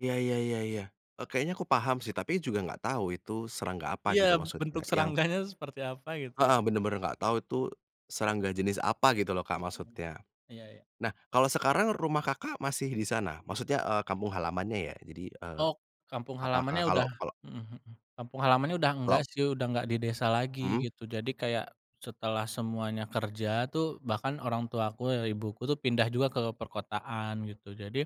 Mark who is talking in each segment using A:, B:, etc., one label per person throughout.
A: Iya iya iya iya. Eee, kayaknya aku paham sih, tapi juga nggak tahu, itu serangga apa
B: Iya,
A: gitu, maksudnya
B: bentuk
A: yang
B: serangganya seperti apa gitu ya?
A: heeh, bener-bener nggak tahu itu serangga jenis apa gitu loh Kak
B: Hmm,
A: maksudnya.
B: iya iya.
A: Nah, kalau sekarang rumah Kakak masih di sana? Maksudnya, eee, kampung halamannya ya, jadi, eee,
B: Oh, kampung
A: apakah
B: halamannya
A: kalau
B: udah
A: kalau
B: mhm mhm. Kampung halamannya udah nggak
A: Klop?
B: sih, udah nggak di desa lagi,
A: Mhm.
B: gitu. Jadi kayak, setelah semuanya kerja tuh, bahkan orang tua aku ya, ibuku tuh pindah juga ke perkotaan gitu. Jadi,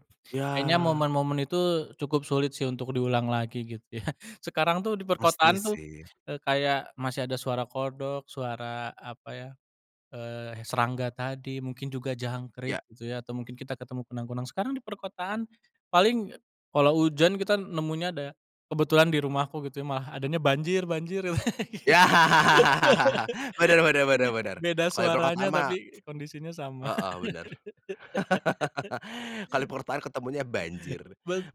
B: kayaknya
A: Yah.
B: momen-momen itu cukup sulit sih untuk diulang lagi gitu ya. Sekarang tuh, di
A: Pasti
B: perkotaan tuh,
A: sih.
B: eee, kayak masih ada suara kodok, suara apa ya, eee, he serangga tadi, mungkin juga
A: Iya.
B: jangkrik gitu ya, atau mungkin kita ketemu kunang-kunang. Sekarang di perkotaan, paling ya kalo hujan, kita nemunya ada kebetulan di rumahku gitu ya, malah adanya banjir-banjir.
A: Ya. Bener bener bener bener,
B: Beda
A: kalo di perkotaan
B: suaranya,
A: mah
B: tapi kondisinya sama.
A: heeh, bener. kalo perkotaan, ketemunya banjir.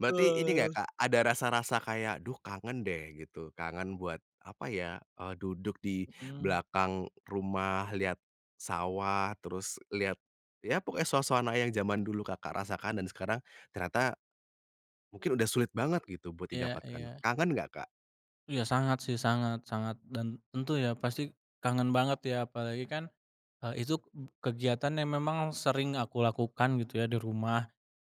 A: Berarti ini nggak Kak, ada rasa-rasa kayak, duh kangen deh gitu? Kangen buat apa ya, eee, duduk di
B: Hmm.
A: belakang rumah, lihat sawah, terus lihat, ya pokoknya suasana yang zaman dulu Kakak rasakan dan sekarang ternyata mungkin udah sulit banget gitu buat
B: Iya
A: didapatkan.
B: iya.
A: Kangen nggak Kak?
B: Iya, sangat sih, sangat sangat. Dan tentu ya, pasti kangen banget ya, apalagi kan, eee, itu kegiatan yang memang sering aku lakukan gitu ya, di rumah.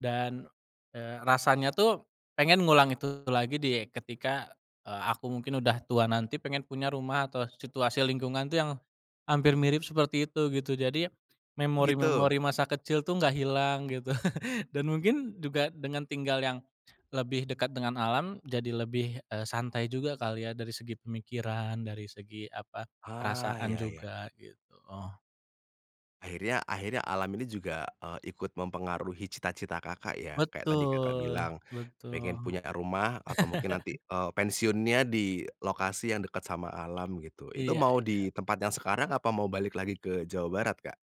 B: Dan, eee, rasanya tuh pengen ngulang itu lagi di ketika, eee aku mungkin udah tua, nanti pengen punya rumah atau situasi lingkungan tuh yang hampir mirip seperti itu gitu. Jadi
A: Oh gitu?
B: memori-memori masa kecil tuh gak hilang gitu. Dan mungkin juga, dengan tinggal yang lebih dekat dengan alam, jadi lebih, eee, santai juga kali ya dari segi pemikiran, dari segi apa,
A: Ah,
B: perasaan
A: iya iya.
B: juga gitu.
A: Akhirnya akhirnya alam ini juga, eee, ikut mempengaruhi cita-cita Kakak ya. Kayak tadi Kakak
B: Betul,
A: bilang,
B: betul.
A: pengen punya, eee, rumah atau mungkin nanti, eee, pensiunnya di lokasi yang dekat sama alam gitu. Itu
B: Iya
A: mau
B: iya.
A: di tempat yang sekarang, apa mau balik lagi ke Jawa Barat Kak?